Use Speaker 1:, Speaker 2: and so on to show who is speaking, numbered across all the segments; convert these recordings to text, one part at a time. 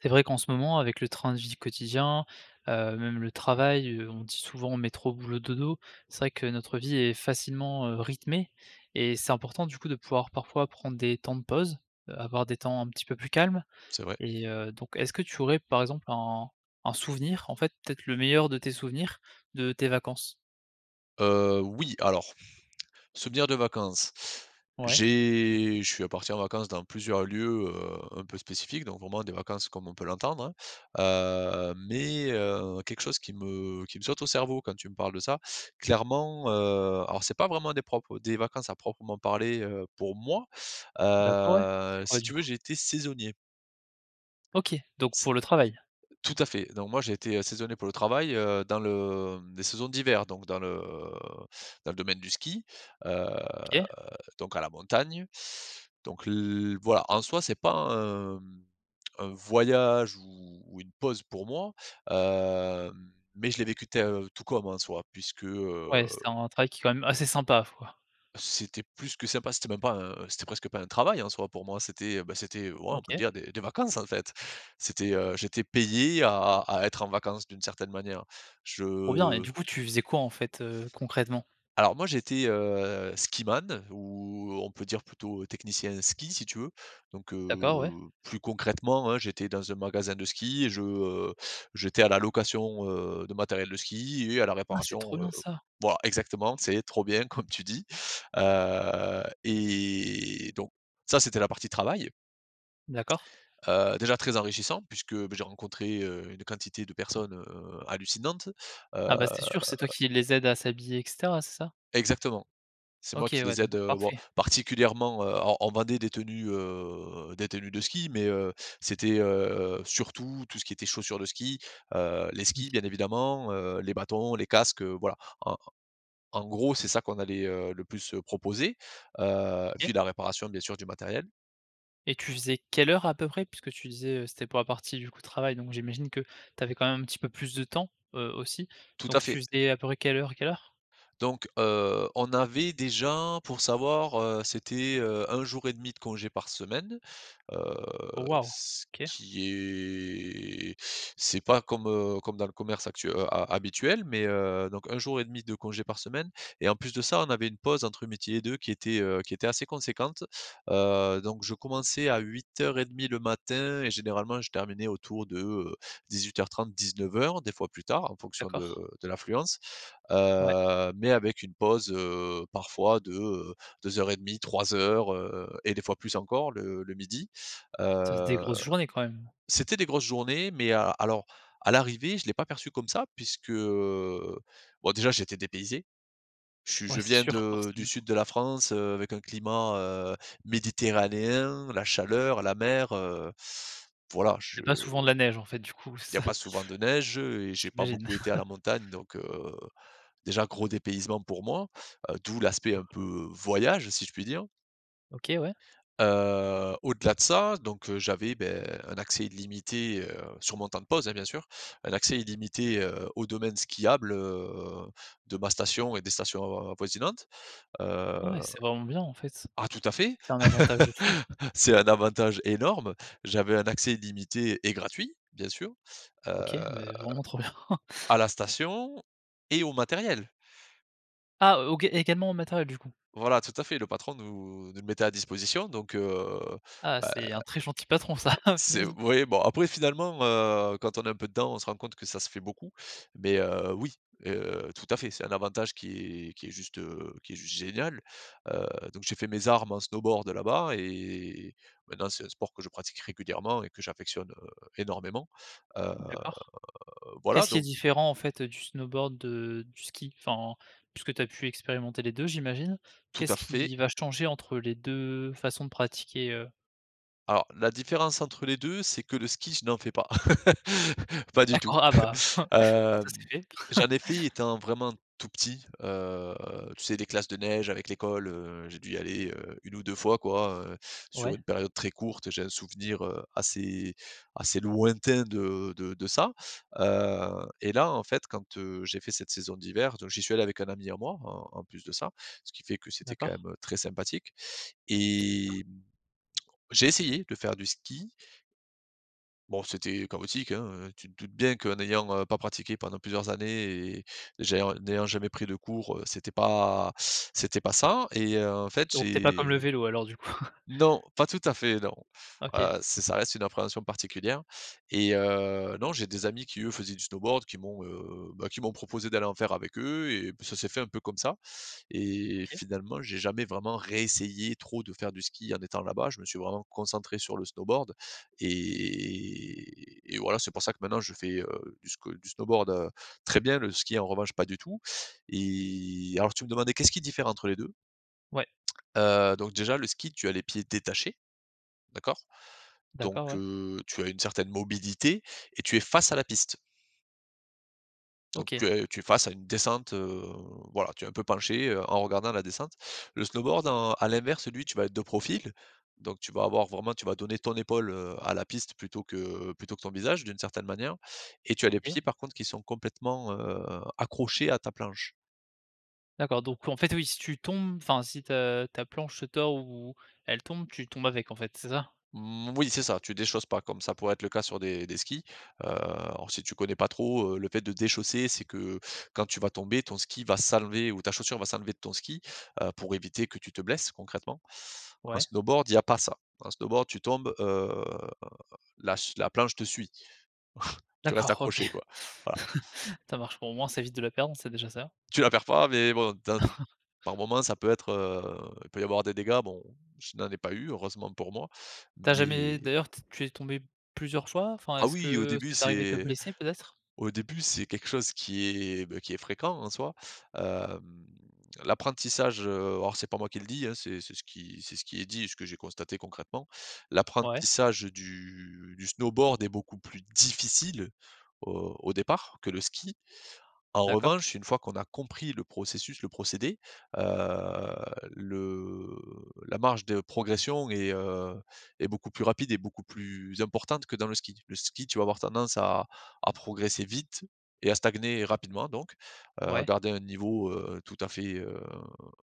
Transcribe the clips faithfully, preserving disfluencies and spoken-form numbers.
Speaker 1: C'est vrai qu'en ce moment, avec le train de vie quotidien, heu, même le travail, heu, on dit souvent: «Métro, boulot, dodo». C'est vrai que notre vie est facilement, heu, rythmée et c'est important, du coup, de pouvoir, parfois, prendre des temps de pause, heu, avoir des temps un petit peu plus calmes
Speaker 2: C'est vrai.
Speaker 1: et heu, donc est-ce que tu aurais, par exemple, un un souvenir, en fait, peut-être le meilleur de tes souvenirs, de tes vacances?
Speaker 2: Heu, oui. Alors, souvenir de vacances,
Speaker 1: Ouais.
Speaker 2: j'ai je suis parti en vacances dans plusieurs lieux, heu, un peu spécifiques. Donc, vraiment des vacances comme on peut l'entendre, hein, heu, mais, heu, quelque chose qui me qui me saute au cerveau quand tu me parles de ça, clairement, heu, alors, c'est pas vraiment des propres des vacances à proprement parler, heu, pour moi.
Speaker 1: D'accord. Ouais. C'est
Speaker 2: Heu,
Speaker 1: quoi,
Speaker 2: si
Speaker 1: du
Speaker 2: tu veux,
Speaker 1: coup?
Speaker 2: j'ai été saisonnier.
Speaker 1: OK. Donc,
Speaker 2: C
Speaker 1: pour le travail?
Speaker 2: Tout à fait. Donc, moi, j'ai été, heu, saisonnier pour le travail, heu, dans le, hem, les saisons d'hiver. Donc, dans le dans le domaine du ski, heu,
Speaker 1: OK.
Speaker 2: donc à la montagne. Donc, l voilà, en soi, c'est pas un, mmh, un voyage ou ou une pause pour moi, hem, mais je l'ai vécu te heu, tout comme, en soi, puisque heu
Speaker 1: Ouais, c'est un travail qui est quand même, heu, assez sympa ma foi.
Speaker 2: C'était plus que sympa. C'était même pas un c'était presque pas un travail, en soi, pour moi. C'était, heu, bah, c'était, ouais, on peut
Speaker 1: OK.
Speaker 2: dire, des des vacances, en fait! C'était, heu, j'étais payé à à à être en vacances d'une certaine manière.
Speaker 1: Trop bien et
Speaker 2: Je
Speaker 1: du coup, tu faisais quoi, en fait, heu, concrètement?
Speaker 2: Alors, moi, j'étais, heu, skiman ou, on peut dire, plutôt technicien ski, si tu veux. Donc, heu,
Speaker 1: D'accord. Ouais.
Speaker 2: plus concrètement, hein, j'étais dans un magasin de ski et je, heu, j'étais à la location, heu, de matériel de ski et à la
Speaker 1: Ah! c'est trop
Speaker 2: réparation, heu
Speaker 1: bien ça!
Speaker 2: voilà, exactement, c'est trop bien, comme tu dis. Heu et donc, ça c'était la partie travail
Speaker 1: D'accord.
Speaker 2: heu, déjà très enrichissant puisque, beh, j'ai rencontré, heu, une quantité de personnes, heu, hallucinantes, heu
Speaker 1: Ah, bah, c'est sûr. C'est toi qui les aides à s'habiller et cetera, c'est ça?
Speaker 2: Exactement. C'est moi
Speaker 1: OK.
Speaker 2: qui
Speaker 1: Ouais.
Speaker 2: les aide,
Speaker 1: Donc,
Speaker 2: heu, bon,
Speaker 1: parfait.
Speaker 2: particulièrement, heu, on on vendait des tenues, heu, des tenues de ski. Mais, heu, c'était, heu, surtout, tout ce qui était chaussures de ski, heu, les
Speaker 1: Oui.
Speaker 2: skis, bien évidemment, heu, les bâtons, les casques, heu, voilà. En en gros, c'est ça qu'on allait, heu, le plus, heu, proposer, heu, et puis
Speaker 1: OK.
Speaker 2: la réparation, bien sûr, du matériel.
Speaker 1: Et tu faisais quelle heure à peu près puisque, tu disais, heu, c'était pour la partie, du coup, de travail. Donc, j'imagine que tu avais quand même un petit peu plus de temps, heu, aussi.
Speaker 2: Tout à
Speaker 1: Donc, tu
Speaker 2: fait.
Speaker 1: faisais à peu près quelle heure à quelle heure?
Speaker 2: Donc, heu, on avait déjà, pour savoir, heu, c'était, heu, un jour et demi de congé par semaine, heu,
Speaker 1: Oh waouh.
Speaker 2: ce
Speaker 1: OK.
Speaker 2: qui est c'est pas comme, heu, comme dans le commerce actu heu, a habituel, mais, heu, donc, un jour et demi de congé par semaine et en plus de ça, on avait une pause entre midi et deux qui était, heu, qui était assez conséquente. Heu, donc, je commençais à huit heures et demi le matin et généralement, je terminais autour de, heu, dix-huit heures trente-dix-neuf heures des fois, plus tard, en fonction de
Speaker 1: D'accord.
Speaker 2: de l'affluence,
Speaker 1: Ouais.
Speaker 2: heu, mais, avec une pause, heu, parfois de, heu, deux heures et demi, trois heures, heu et des fois, plus encore le le midi
Speaker 1: Ça faisait des
Speaker 2: heu
Speaker 1: grosses journées quand même.
Speaker 2: c'était des grosses journées, mais a alors à l'arrivée, je l'ai pas perçu comme ça. Puisque, heu, bon, déjà, j'étais dépaysé. Je suis
Speaker 1: Ouais,
Speaker 2: je
Speaker 1: c'est
Speaker 2: viens
Speaker 1: sûr,
Speaker 2: de
Speaker 1: forcément.
Speaker 2: du Sud de la France, heu, avec un climat, heu, méditerranéen, la chaleur, la mer, heu, voilà.
Speaker 1: Il y
Speaker 2: Je
Speaker 1: a pas souvent de la neige, en fait, du coup,
Speaker 2: il y
Speaker 1: c'est
Speaker 2: a
Speaker 1: ça?
Speaker 2: pas souvent de neige, heu, et j'ai pas
Speaker 1: J'imagine.
Speaker 2: beaucoup été à la montagne. Donc, heu, déjà, gros dépaysement pour moi, heu, d'où l'aspect un peu voyage, si je puis dire.
Speaker 1: OK, ouais.
Speaker 2: Heu, au-delà de ça, donc, heu, j'avais, beh, un accès illimité, heu, sur mon temps de pause, hein, bien sûr. Un accès illimité, heu, au domaine skiable, heu, de ma station et des stations, heu, avoisinantes.
Speaker 1: Ah, ouais.
Speaker 2: Heu
Speaker 1: C'est vraiment bien, en fait.
Speaker 2: Ah, tout à fait,
Speaker 1: C'est un avantage de fou.
Speaker 2: c'est un avantage énorme. J'avais un accès illimité et gratuit, bien sûr, heu,
Speaker 1: OK, beh, vraiment, trop bien.
Speaker 2: à la station et au matériel.
Speaker 1: Ah, O OK, également en matériel du coup?
Speaker 2: Voilà, tout à fait, le patron nous nous le mettait à disposition donc, heu,
Speaker 1: Ah,
Speaker 2: bah
Speaker 1: c'est un très gentil patron, ça. Oh,
Speaker 2: C'est
Speaker 1: punaise.
Speaker 2: oui, bon, après, finalement, heu, quand on est un peu dedans, on se rend compte que ça se fait beaucoup, mais, heu, oui, heu, tout à fait, c'est un avantage qui est qui est juste, heu, qui est juste génial, heu, donc, j'ai fait mes armes en snowboard là-bas, et maintenant, c'est un sport que je pratique régulièrement et que j'affectionne, heu, énormément, heu,
Speaker 1: D'accord,
Speaker 2: voilà,
Speaker 1: qu'est-ce qui est
Speaker 2: don
Speaker 1: différent, en fait, heu, du snowboard de du ski? Enfin, puisque tu as pu expérimenter les deux j'imagine?
Speaker 2: Tout à
Speaker 1: Qu'est-ce
Speaker 2: fait.
Speaker 1: qui va changer entre les deux façons de pratiquer, heu
Speaker 2: Alors, la différence entre les deux c'est que le ski, je n'en fais pas, pas du tout.
Speaker 1: D'accord! Ah bah, comme ça,
Speaker 2: Hem,
Speaker 1: c'est fait.
Speaker 2: j'en ai fait étant vraiment tout petit, heu, tu sais, les classes de neige avec l'école, heu, j'ai dû y aller, heu, une ou deux fois quoi, heu, sur
Speaker 1: Ouais.
Speaker 2: une période très courte, et j'ai un souvenir, heu, assez assez lointain de de de ça. Heu, et là, en fait, quand, heu, j'ai fait cette saison d'hiver, donc, j'y suis allé avec un ami à moi en en plus de ça, ce qui fait que c'était quand
Speaker 1: D'accord.
Speaker 2: même, heu, très sympathique
Speaker 1: C'est sûr.
Speaker 2: et, mmh, j'ai essayé, de faire du ski. Bon, c'était chaotique, hein, heu, tu te doutes bien qu'en ayant, heu, pas pratiqué pendant plusieurs années, et j'ai en n'ayant jamais pris de cours, heu, c'était pas c'était pas ça et, heu, en fait
Speaker 1: Donc, tu es pas comme le
Speaker 2: j'ai
Speaker 1: vélo alors, du coup?
Speaker 2: Non, pas tout à fait, non,
Speaker 1: OK.
Speaker 2: heu, ç ça reste une appréhension particulière. Et, heu, non, j'ai des amis qui eux faisaient du snowboard qui m'ont, heu, bah, qui m'ont proposé d'aller en faire avec eux, et ça s'est fait un peu comme ça. Et,
Speaker 1: OK.
Speaker 2: finalement, j'ai jamais vraiment réessayé trop de faire du ski en étant là-bas. Je me suis vraiment concentré sur le snowboard et et voilà, c'est pour ça que maintenant, je fais, heu, du sque du snowboard, heu, très bien, le ski, en revanche, pas du tout. Et alors tu me demandais qu'est-ce qui diffère entre les deux?
Speaker 1: Ouais.
Speaker 2: Heu, donc, déjà, le ski, tu as les pieds détachés. D'accord? Donc,
Speaker 1: D'accord, ouais.
Speaker 2: heu, tu as une certaine mobilité et tu es face à la piste. Donc,
Speaker 1: OK.
Speaker 2: heu, tu es face à une descente, heu, voilà, tu es un peu penché, heu, en regardant la descente. Le snowboard en à l'inverse, lui, tu vas être de profil, donc, tu vas avoir vraiment tu vas donner ton épaule, heu, à la piste, plutôt que plutôt que ton visage d'une certaine manière, et, tu as les
Speaker 1: OK.
Speaker 2: pieds, par contre, qui sont complètement, heu, accrochés à ta planche.
Speaker 1: D'accord, donc, en fait, oui, si tu tombes, enfin, si ta ta planche se tord, ou, elle tombe, tu tombes avec, en fait, c'est ça?
Speaker 2: Mmh, oui, c'est ça, tu déchausses pas comme ça pourrait être le cas sur des des skis. Heu, alors, si tu connais pas trop, heu, le fait de déchausser, c'est que, quand tu vas tomber, ton ski va s'enlever ou ta chaussure va s'enlever de ton ski, heu, pour éviter que tu te blesses concrètement. En
Speaker 1: Ouais.
Speaker 2: snowboard, il y a pas ça. En snowboard, tu tombes, heu, la ch la planche te suit. Tu restes
Speaker 1: D'accord OK,
Speaker 2: accroché quoi, voilà.
Speaker 1: ça marche, ben, au moins, ça évite de la perdre, c'est déjà ça.
Speaker 2: Tu la perds pas mais bon dans d par moment, ça peut être, heu, il peut y avoir des dégâts, bon, je n'en ai pas eu, heureusement pour moi,
Speaker 1: Tu as jamais
Speaker 2: mais
Speaker 1: d'ailleurs t tu es tombé plusieurs fois? Enfin, est
Speaker 2: Ah
Speaker 1: ce
Speaker 2: oui, au
Speaker 1: que
Speaker 2: début,
Speaker 1: c'est arrivé de
Speaker 2: c'est
Speaker 1: blesser peut-être?
Speaker 2: au début, c'est quelque chose qui est, bah, qui est fréquent, en soi, hem, l'apprentissage, heu, alors, c'est pas moi qui le dis, hein, c'est c'est ce qui c'est ce qui est dit et ce que j'ai constaté concrètement,
Speaker 1: Ouais.
Speaker 2: l'apprentissage du du snowboard est beaucoup plus difficile, au au départ, que le ski. En
Speaker 1: D'accord.
Speaker 2: revanche, une fois qu'on a compris le processus, le procédé, heu, le la marge de progression est, heu, est beaucoup plus rapide et beaucoup plus importante que dans le ski. Le ski, tu vas avoir tendance à à progresser vite et à stagner rapidement donc, heu,
Speaker 1: Ouais.
Speaker 2: garder un niveau, heu, tout à fait, heu,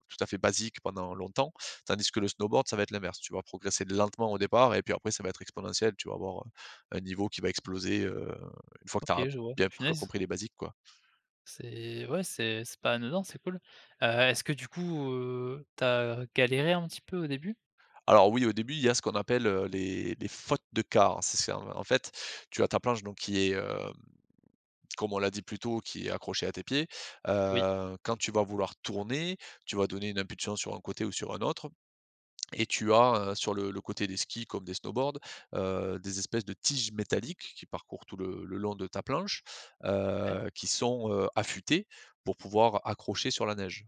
Speaker 2: tout à fait basique pendant longtemps. Tandis que le snowboard, ça va être l'inverse, tu vas progresser lentement au départ, et puis après, ça va être exponentiel, tu vas avoir un un niveau qui va exploser, heu, une fois que tu
Speaker 1: OK,
Speaker 2: as
Speaker 1: je vois,
Speaker 2: bien pr
Speaker 1: punaise.
Speaker 2: compris les basiques, quoi.
Speaker 1: C'est ouais. C'est c'est pas anodin, c'est cool. Heu, est-ce que, du coup, heu, tu as galéré un petit peu au début?
Speaker 2: Alors oui, au début, il y a, ce qu'on appelle, heu, les les fautes de quart. C'est ce en fait, tu as ta planche donc qui est, hem, comme on l'a dit plus tôt, qui est accrochée à tes pieds.
Speaker 1: Oui.
Speaker 2: Heu, quand tu vas vouloir tourner, tu vas donner une impulsion sur un côté ou sur un autre et tu as, heu, sur le le côté des skis comme des snowboards, heu, des espèces de tiges métalliques qui parcourent tout le le long de ta planche,
Speaker 1: Ouais.
Speaker 2: heu, qui sont, heu, affûtées, pour pouvoir accrocher sur la neige.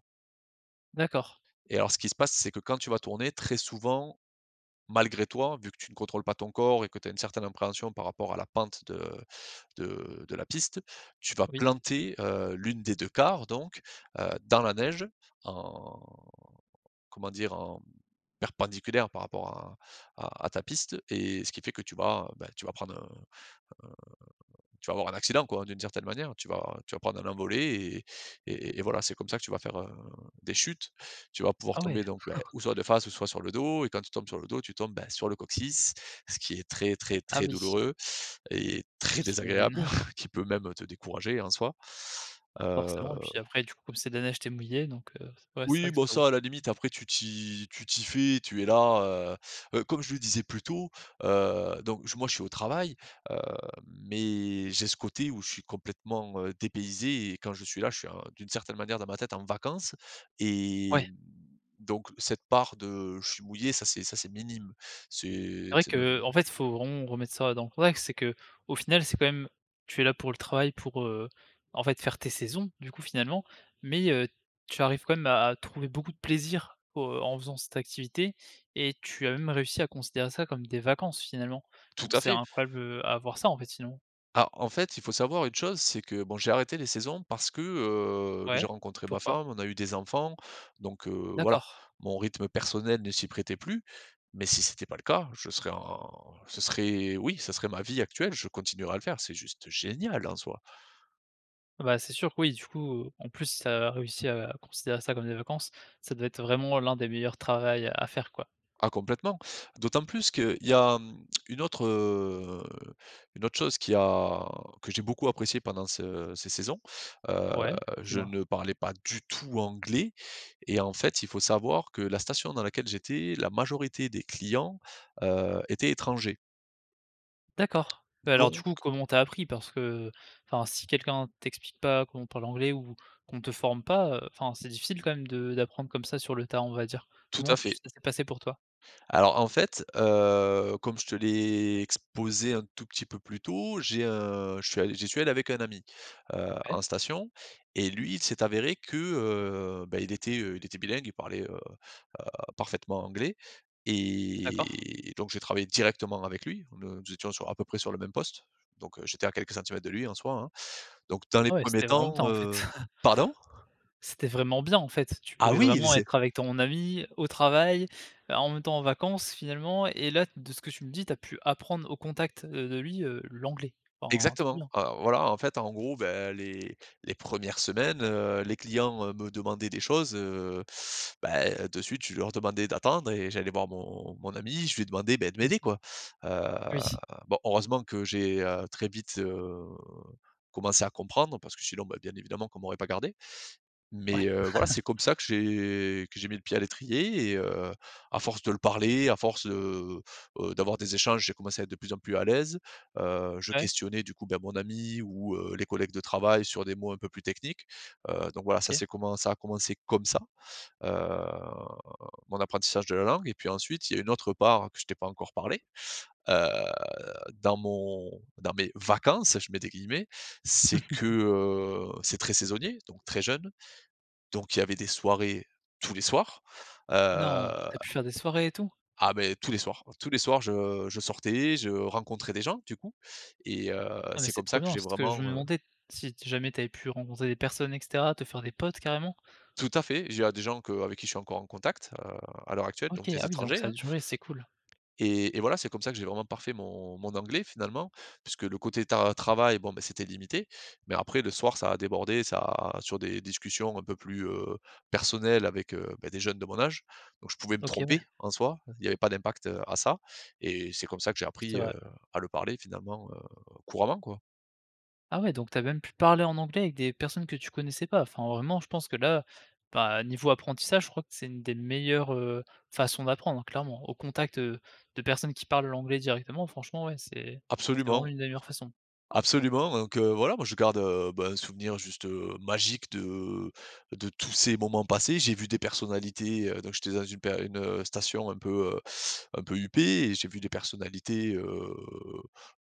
Speaker 1: D'accord.
Speaker 2: Et alors ce qui se passe c'est que, quand tu vas tourner très souvent, malgré toi, vu que tu ne contrôles pas ton corps. Et que tu as une certaine appréhension, par rapport à la pente de de de la piste, tu vas
Speaker 1: Oui.
Speaker 2: planter, heu, l'une des deux carre donc, heu, dans la neige, en comment dire, en, mmh, perpendiculaire par rapport à à à ta piste. Et ce qui fait que tu vas, beh tu vas prendre un un tu vas avoir un accident quoi, d'une certaine manière. Tu vas tu vas prendre un envolé. Et et et voilà c'est comme ça que tu vas faire un des chutes. Tu vas pouvoir
Speaker 1: Ah ouais.
Speaker 2: tomber donc beh, ou soit de face, ou soit sur le dos et quand tu tombes sur le dos, tu tombes ben sur le coccyx. Ce qui est très, très,
Speaker 1: Ah
Speaker 2: très
Speaker 1: oui.
Speaker 2: douloureux et très
Speaker 1: J'imagine.
Speaker 2: désagréable, qui peut même te décourager en soi. Heu.
Speaker 1: Forcément et puis après du coup comme c'est de la neige, tu es mouillé donc, heu, ouais, c'est vrai
Speaker 2: Oui
Speaker 1: que c'est
Speaker 2: bon
Speaker 1: pas ouf.
Speaker 2: ça à la limite après tu t'y tu t'y fais, tu es là, heu. Heu, comme je le disais plus tôt, heu, donc je moi je suis au travail, heu, mais j'ai ce côté où je suis complètement, heu, dépaysé et quand je suis là, je suis en d'une certaine manière dans ma tête en vacances.
Speaker 1: Ouais.
Speaker 2: Et, mmh, donc cette part de, je suis mouillé, ça c'est ça c'est minime.
Speaker 1: C'est
Speaker 2: C'est
Speaker 1: vrai
Speaker 2: c'est même
Speaker 1: que, en fait, il faut vraiment remettre ça dans le contexte c'est qu'au final, c'est quand même tu es là pour le travail pour, heu, en fait faire tes saisons, du coup finalement. Mais, heu, tu arrives quand même à à trouver beaucoup de plaisir au en faisant cette activité. Et tu as même réussi à considérer ça comme des vacances finalement.
Speaker 2: Tout
Speaker 1: Donc
Speaker 2: à
Speaker 1: c'est
Speaker 2: fait.
Speaker 1: incroyable, heu, à avoir ça en fait sinon.
Speaker 2: Ah, en fait il faut savoir une chose, c'est que bon j'ai arrêté les saisons, parce que, heu, j'ai
Speaker 1: Ouais.
Speaker 2: rencontré ma
Speaker 1: Pourquoi?
Speaker 2: femme, on a eu des enfants. Donc, heu, voilà
Speaker 1: D'accord.
Speaker 2: mon rythme personnel ne s'y prêtait plus. Mais si c'était pas le cas, je serais en ce serait oui ça serait ma vie actuelle, je continuerai à le faire, c'est juste génial en soi.
Speaker 1: Bah c'est sûr que oui du coup, en plus si tu as réussi à considérer ça comme des vacances. Ça devait être vraiment l'un des meilleurs travail à faire quoi.
Speaker 2: Ah complètement. D'autant plus qu'il y a, mmh, une autre, heu une autre chose qui a que j'ai beaucoup apprécié pendant ce ces saisons. Heu,
Speaker 1: Ouais,
Speaker 2: je
Speaker 1: dis-moi?
Speaker 2: ne parlais pas du tout anglais et en fait il faut savoir que la station dans laquelle j'étais, la majorité des clients, heu, étaient étrangers.
Speaker 1: D'accord. Beh alors du
Speaker 2: Donc.
Speaker 1: coup comment tu as appris? Parce que enfin si quelqu'un t'explique pas, comment on parle anglais, ou qu'on te forme pas. Heu, enfin c'est difficile quand même de d'apprendre comme ça sur le tas, on va dire.
Speaker 2: Tout à
Speaker 1: Comment tu
Speaker 2: fait.
Speaker 1: ça s'est passé pour toi?
Speaker 2: Alors en fait, heu, comme je te l'ai exposé un tout petit peu plus tôt, j'ai, heu, je suis allé j'y suis allé avec un ami, heu,
Speaker 1: Ouais.
Speaker 2: en station. Et lui il s'est avéré que, heu, ben il était, heu, il était bilingue, il parlait, heu heu, parfaitement anglais.
Speaker 1: D'accord.
Speaker 2: Et, donc j'ai travaillé directement avec lui, ne nous étions sur à peu près sur le même poste. Donc, heu, j'étais à quelques centimètres de lui en soi, hein. Donc dans les
Speaker 1: Ah ouais
Speaker 2: premiers
Speaker 1: c'était vraiment
Speaker 2: temps,
Speaker 1: bien en fait.
Speaker 2: heu. Pardon?
Speaker 1: C'était vraiment bien en fait, tu
Speaker 2: Ah
Speaker 1: pouvais
Speaker 2: oui
Speaker 1: vraiment
Speaker 2: c'est
Speaker 1: être avec ton ami, au travail, heu, en même temps en vacances finalement. Et là de ce que tu me dis, tu as pu apprendre au contact, heu, de lui, heu, l'anglais. Enfin trop
Speaker 2: Exactement.
Speaker 1: bien.
Speaker 2: Heu, voilà en fait en gros, beh, les les premières semaines, heu, les clients, heu, me demandaient des choses. Heu, bah, heu, de suite, je leur demandais d'attendre et j'allais voir mon mon ami, je lui demandais bah de
Speaker 1: Mmh
Speaker 2: m'aider
Speaker 1: mh.
Speaker 2: quoi. Heu,
Speaker 1: Oui.
Speaker 2: bon heureusement que j'ai, heu, très vite, heu, commencé à comprendre, parce que sinon bah, bien évidemment qu'on m'aurait pas gardé.
Speaker 1: Ouais.
Speaker 2: Mais, heu, voilà c'est comme ça que j'ai que j'ai mis le pied à l'étrier et heu, à force de le parler, à force, heu heu, d'avoir des échanges, j'ai commencé à être de plus en plus à l'aise. Heu, je
Speaker 1: Ouais.
Speaker 2: questionnais du coup ben mon ami, ou, heu, les collègues de travail sur des mots un peu plus techniques. Heu, donc voilà ça
Speaker 1: OK.
Speaker 2: s'est comment ça a commencé comme ça. Heu, mon apprentissage de la langue et puis ensuite il y a une autre part que je t'ai pas encore parlé. Heu, dans mon dans mes vacances, je mets des guillemets, c'est que, heu, c'est très saisonnier, donc très jeune, donc il y avait des soirées tous les soirs.
Speaker 1: Non!
Speaker 2: Heu.
Speaker 1: Tu as pu faire des soirées et tout?
Speaker 2: Ah beh, tous les soirs. Tous les soirs je, heu, je sortais. Je rencontrais des gens du coup. Et heu,
Speaker 1: Non mais
Speaker 2: c'est
Speaker 1: c'est
Speaker 2: comme
Speaker 1: trop
Speaker 2: ça que
Speaker 1: bien,
Speaker 2: j'ai
Speaker 1: c'est ce que je me
Speaker 2: vraiment, heu
Speaker 1: demandais, si t jamais tu avais pu, rencontrer des personnes et cetera. Te faire des potes carrément?
Speaker 2: Tout à fait, j il y a des gens que avec qui je suis encore en contact, heu, à l'heure actuelle, donc
Speaker 1: OK.
Speaker 2: des
Speaker 1: Ah oui donc
Speaker 2: étrangers
Speaker 1: ça a
Speaker 2: hein.
Speaker 1: duré, c'est cool.
Speaker 2: Et et voilà c'est comme ça que j'ai vraiment parfait mon mon anglais finalement. Puisque le côté tar travail, bon beh c'était limité, mais après le soir ça a débordé, ça a sur des discussions un peu plus, heu, personnelles. Avec, heu, beh, des jeunes de mon âge. Donc je pouvais me
Speaker 1: OK ouais.
Speaker 2: tromper, en soi, il y avait pas d'impact, heu, à ça. Et c'est comme ça que j'ai
Speaker 1: C'est
Speaker 2: appris, heu,
Speaker 1: vrai.
Speaker 2: à le parler finalement, heu, couramment quoi.
Speaker 1: Ah ouais donc tu as même pu parler en anglais avec des personnes que tu connaissais pas. Enfin vraiment je pense que là, bah niveau apprentissage je crois que c'est, une des meilleures, heu, façons d'apprendre clairement. Au contact, heu, de personnes qui parlent l'anglais directement, franchement ouais c'est c'est vraiment
Speaker 2: Absolument.
Speaker 1: une des meilleures façons.
Speaker 2: Absolument, donc, heu, voilà moi je garde, heu, ben un souvenir juste, heu, magique de de tous ces moments passés. J'ai vu des personnalités, heu donc j'étais dans une per une, heu, station un peu, heu un peu huppée. Et j'ai vu des personnalités, heu,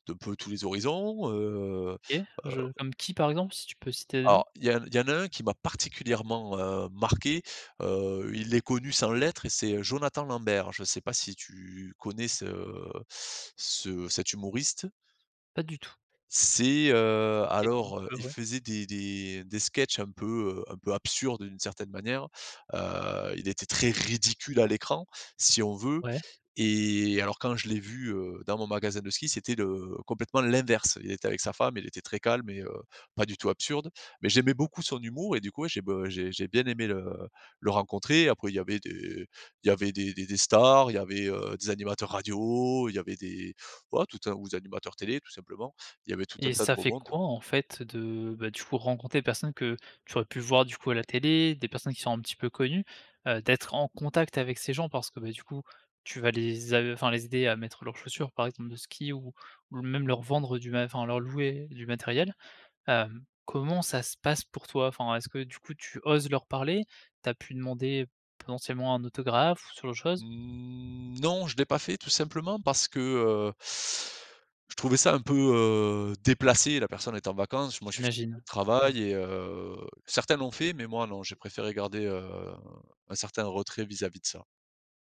Speaker 2: d'un peu tous les horizons. Heu
Speaker 1: OK.
Speaker 2: heu
Speaker 1: Je comme qui par exemple, si tu peux citer des noms?
Speaker 2: Alors, il y en il y en a un qui m'a particulièrement, heu, marqué. Heu, il est connu sans l'être et c'est Jonathan Lambert. Je sais pas si tu connais ce ce cet humoriste?
Speaker 1: Pas du tout.
Speaker 2: C'est, heu,
Speaker 1: Technique,
Speaker 2: alors, heu,
Speaker 1: heu,
Speaker 2: il
Speaker 1: ouais.
Speaker 2: faisait des des des sketchs un peu, heu, un peu absurdes d'une certaine manière. Heu, il était très ridicule à l'écran, si on veut.
Speaker 1: Ouais.
Speaker 2: Et alors quand je l'ai vu, heu, dans mon magasin de ski, c'était le complètement l'inverse. Il était avec sa femme, il était très calme et, heu, pas du tout absurde. Mais j'aimais beaucoup son humour, et du coup ouais j'ai be j'ai j'ai bien aimé le le rencontrer. Après il y avait des il y avait des des des stars, il y avait, heu, des animateurs radio. Il y avait des ouais tout un ou des animateurs télé tout simplement, il y avait tout un
Speaker 1: Et
Speaker 2: tas de
Speaker 1: ça
Speaker 2: beau
Speaker 1: fait
Speaker 2: monde.
Speaker 1: quoi en fait de, beh du coup rencontrer des personnes que, tu aurais pu voir du coup à la télé, des personnes qui sont un petit peu connues? Heu, d'être en contact avec ces gens, parce que beh du coup tu vas les a enfin les aider à mettre leurs chaussures, par exemple de ski. Ou ou même leur vendre du mat enfin leur louer du matériel. Hem comment ça se passe pour toi? Enfin, est-ce que du coup tu oses leur parler, tu as pu demander, potentiellement un autographe, ou ce genre de chose?
Speaker 2: Mmh non, je l'ai pas fait tout simplement parce que heu je trouvais ça un peu, heu, déplacé. La personne est en vacances, moi je suis
Speaker 1: J'imagine. Ouais.
Speaker 2: travaille et, heu, certains l'ont fait. Mais moi non, j'ai préféré garder, heu, un certain retrait vis-à-vis de ça.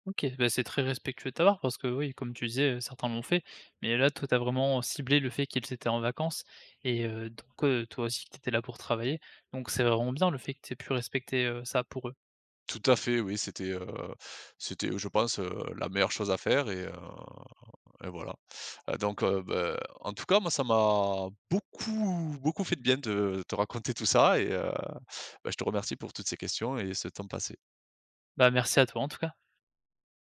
Speaker 1: OK. Beh c'est très respectueux de ta part, parce que oui comme tu disais, heu, certains l'ont fait. Mais là toi, tu as vraiment ciblé le fait qu'ils étaient en vacances et, heu, donc, heu, toi aussi que tu étais là pour travailler. Donc c'est vraiment bien le fait, que tu aies pu respecter, heu, ça pour eux.
Speaker 2: Tout à fait oui, c'était, heu c'était, heu, je pense, heu, la meilleure chose à faire. Et, heu, et voilà. Heu, donc, heu, beh en tout cas moi ça m'a beaucoup, beaucoup fait de bien de te raconter tout ça. Et, heu, beh je te remercie pour toutes ces questions, et ce temps passé.
Speaker 1: Bah merci à toi, en tout cas.